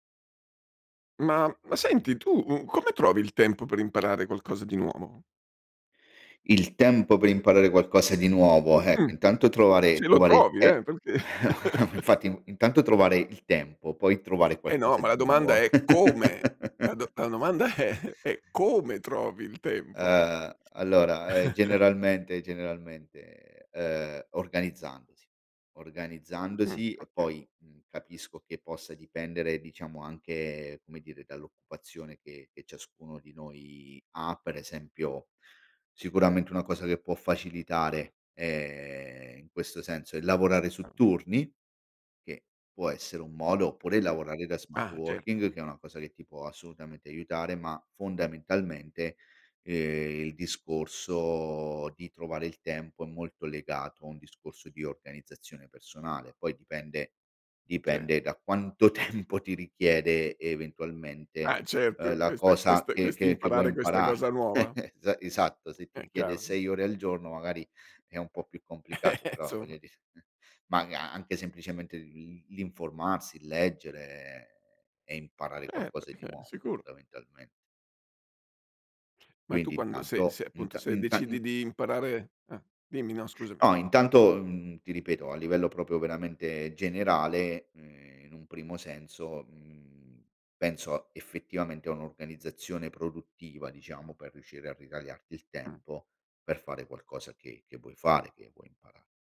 Ma ma senti tu, uhm, come trovi il tempo per imparare qualcosa di nuovo? Il tempo per imparare qualcosa di nuovo eh, Mh. intanto trovare Se lo trovare il trovi te eh, perché infatti, mhmm, intanto trovare il tempo, poi trovare Eh no! qualcosa Ma di la domanda nuovo. è come. La do la domanda è è come trovi il tempo. Ehm, allora, ehm, generalmente generalmente, ehm, organizzandosi, Mh. organizzandosi e Okay. poi, mhmm, capisco che possa dipendere diciamo anche, come dire, dall'occupazione che che ciascuno di noi ha, per esempio sicuramente una cosa che può facilitare è in questo senso è lavorare su Ahn. turni, che può essere un modo, oppure lavorare da smart Ah! working Certo. che è una cosa che ti può assolutamente aiutare, ma fondamentalmente, ehm, il discorso di trovare il tempo è molto legato a un discorso di organizzazione personale. Poi dipende Cer dipende da quanto tempo ti richiede eventualmente, Ah ehm, certo, la questa cosa questa che che che vuoi quest'imparare questa imparar cosa nuova? Es esatto, se ti È richiede chiaro, eh. 6 ore al giorno magari è un po' più complicato, però Somma. voglio dire, maga anche semplicemente l'in l'informarsi, leggere e e imparare Eh qualcosa di perché? nuovo Sicuro. fondamentalme Ma tu Quindi quando se intanto se appunto, inta se inta decidi in di imparare eh, dimmi no scusami. No intanto, mhmm, ti ripeto a livello proprio veramente generale, ehm, e in un primo senso, mhmm, penso effettivamente a un'organizzazione produttiva diciamo, per riuscire a ritagliarti il Mh. tempo per fare qualcosa che che vuoi fare, che vuoi impara